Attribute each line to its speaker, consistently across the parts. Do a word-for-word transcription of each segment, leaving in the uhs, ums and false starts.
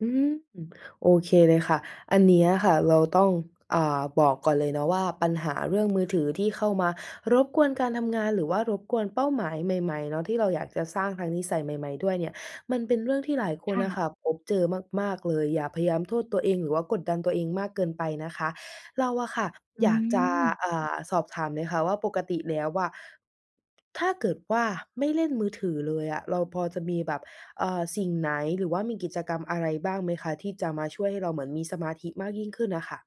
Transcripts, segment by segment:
Speaker 1: อืม โอเคเลยค่ะ อันเนี้ยค่ะ เราต้อง อ่า บอกก่อนเลยเนาะว่า ปัญหาเรื่องมือถือที่เข้ามารบกวนการทำงาน หรือว่ารบกวนเป้าหมายใหม่ ๆ เนาะ ที่เราอยากจะสร้างทั้งนิสัยใหม่ ๆ ด้วยเนี่ย มันเป็นเรื่องที่หลายค
Speaker 2: ค
Speaker 1: น
Speaker 2: ่
Speaker 1: น่ะ
Speaker 2: ะ
Speaker 1: ค่ะพบเจอมาก ๆ เลย อย่าพยายามโทษตัวเอง หรือว่ากดดันตัวเองมากเกินไปนะคะ เราอะค่ะ
Speaker 2: อื
Speaker 1: อยากจะ
Speaker 2: ม
Speaker 1: อ่า สอบถามเลยค่ะว่าปกติแล้วอะ ถ้าเกิดว่าไม่เล่นมือถือเลยอะ เราพอจะมีแบบ อ่า สิ่งไหน หรือว่ามีกิจกรรมอะไรบ้างไหมคะ? ที่จะมาช่วยให้เราเหมือนมีสมาธิมากยิ่งขึ้นน่ะค่ะ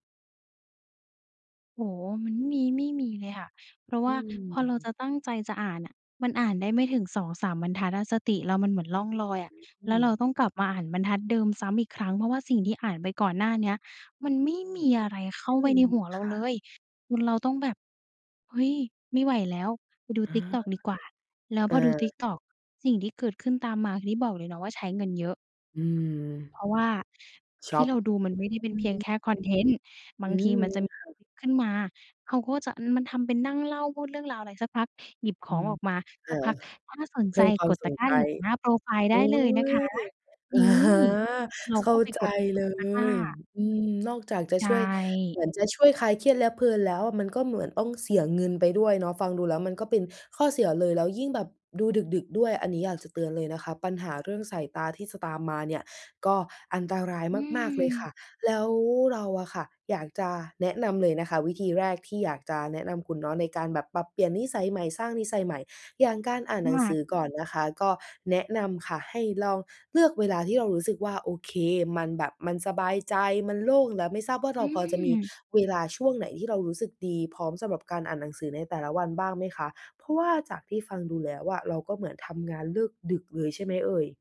Speaker 2: โอ้โฮ มันไม่มี ไม่มีเลยค่ะ เพราะว
Speaker 1: อ
Speaker 2: ่
Speaker 1: ื
Speaker 2: าพอเราจ
Speaker 1: ม
Speaker 2: ะตั้งใจจะอ่านน่ะ มันอ่านได้ไม่ถึง สองสาม บรรทัดอะ สติเรามันเหมือนล่องลอยอะ
Speaker 1: อื
Speaker 2: แล้วเร
Speaker 1: ม
Speaker 2: าต้องกลับมาอ่านบรรทัดเดิมซ้ำอีกครั้ง เพราะว่าสิ่งที่อ่านไปก่อนหน้าเนี้ย มันไม่มีอะไรเข้
Speaker 1: อ
Speaker 2: า
Speaker 1: ื
Speaker 2: ไป
Speaker 1: ม
Speaker 2: ในหัวเร
Speaker 1: ค
Speaker 2: า
Speaker 1: ่
Speaker 2: เล
Speaker 1: ะ
Speaker 2: ย จนเราต้องแบบ เฮ้ย ไม่ไหวแล้ว ไปดู
Speaker 1: อ
Speaker 2: ติ๊กต๊อก
Speaker 1: า
Speaker 2: ดีกว่า แล้ว
Speaker 1: เ
Speaker 2: พอดูติ
Speaker 1: ออ
Speaker 2: ๊กต๊อก สิ่งที่เกิดขึ้นตามมาคือที่บอกเลยเนาะว่า ใช้เงินเยอะ
Speaker 1: อือ
Speaker 2: เพราะว่า
Speaker 1: ช
Speaker 2: ที
Speaker 1: อ
Speaker 2: ่
Speaker 1: ป
Speaker 2: เราดูมันไม่ได้เป็
Speaker 1: อ
Speaker 2: น
Speaker 1: ือ
Speaker 2: เพี
Speaker 1: ฮ
Speaker 2: ยง
Speaker 1: ึ
Speaker 2: แค่คอนเทนต์ บ
Speaker 1: อื
Speaker 2: างที
Speaker 1: ม
Speaker 2: มันจะมี
Speaker 1: ค่ะ
Speaker 2: ขึ้นมา เขาก็จะ อืม มันทำเป็นนั่งเล่าพูดเรื่องราวอะไร สักพักหยิบข
Speaker 1: อื
Speaker 2: อง
Speaker 1: ม
Speaker 2: ออกมา
Speaker 1: ค
Speaker 2: สัก
Speaker 1: ่ะ
Speaker 2: พัก ถ้าสน
Speaker 1: เพ
Speaker 2: ใ
Speaker 1: ิ
Speaker 2: จ
Speaker 1: ่มควา
Speaker 2: ก
Speaker 1: ม
Speaker 2: ด
Speaker 1: ส
Speaker 2: ตะ
Speaker 1: น
Speaker 2: กร้
Speaker 1: ใ
Speaker 2: า
Speaker 1: จ
Speaker 2: เหลืองหน้าโพรไฟล์
Speaker 1: โ
Speaker 2: ไ
Speaker 1: อ
Speaker 2: ด้
Speaker 1: ๊
Speaker 2: เลยนะคะ
Speaker 1: ย
Speaker 2: น
Speaker 1: อ
Speaker 2: ี่
Speaker 1: ะฮะ
Speaker 2: เรา
Speaker 1: เข
Speaker 2: ก
Speaker 1: ้
Speaker 2: ็
Speaker 1: า
Speaker 2: ไป
Speaker 1: ใจ
Speaker 2: กด กด
Speaker 1: เล
Speaker 2: ตะกร้า
Speaker 1: ย อืม นอกจากจะ
Speaker 2: ใช
Speaker 1: ช่วย
Speaker 2: ่
Speaker 1: เหมือนจะช่วยคลายเครียดและเพลินแล้ว มันก็เหมือนต้องเสียเงินไปด้วยเนาะ ฟังดูแล้วมันก็เป็นข้อเสียเลย แล้วยิ่งแบบดูดึก ๆ ด้วย อันนี้อยากจะเตือนเลยนะคะ ปัญหาเรื่องสายตาที่จะตามมาเนี่ย ก็อันตราย
Speaker 2: อื
Speaker 1: มาก ๆ เลยค่
Speaker 2: ม
Speaker 1: ะ แล้วเราอะค่ะ อยากจะแนะนำเลยนะคะ วิธีแรกที่อยากจะแนะนำคุณเนาะ ในการแบบปรับเปลี่ยนนิสัยใหม่ สร้างนิสัยใหม่ อย่างการอ่านหน
Speaker 2: ม
Speaker 1: ัง
Speaker 2: า
Speaker 1: ส
Speaker 2: ก
Speaker 1: ือก่อนนะคะ ก็แนะนำค่ะ ให้ลองเลือกเวลาที่เรารู้สึกว่า โอเค มันแบบมันสบายใจ มันโล่ง แล้วไม่ทราบว่า
Speaker 2: อ
Speaker 1: เร
Speaker 2: ื
Speaker 1: าพอจะมี
Speaker 2: ม
Speaker 1: เวลาช่วงไหนที่เรารู้สึกดี พร้อมสำหรับการอ่านหนังสือในแต่ละวันบ้างไหมคะ? เพราะว่าจากที่ฟังดูแล้วอะ เราก็เหมือนทำงานเลิกดึกเลยใช่ไหมเอ่ย?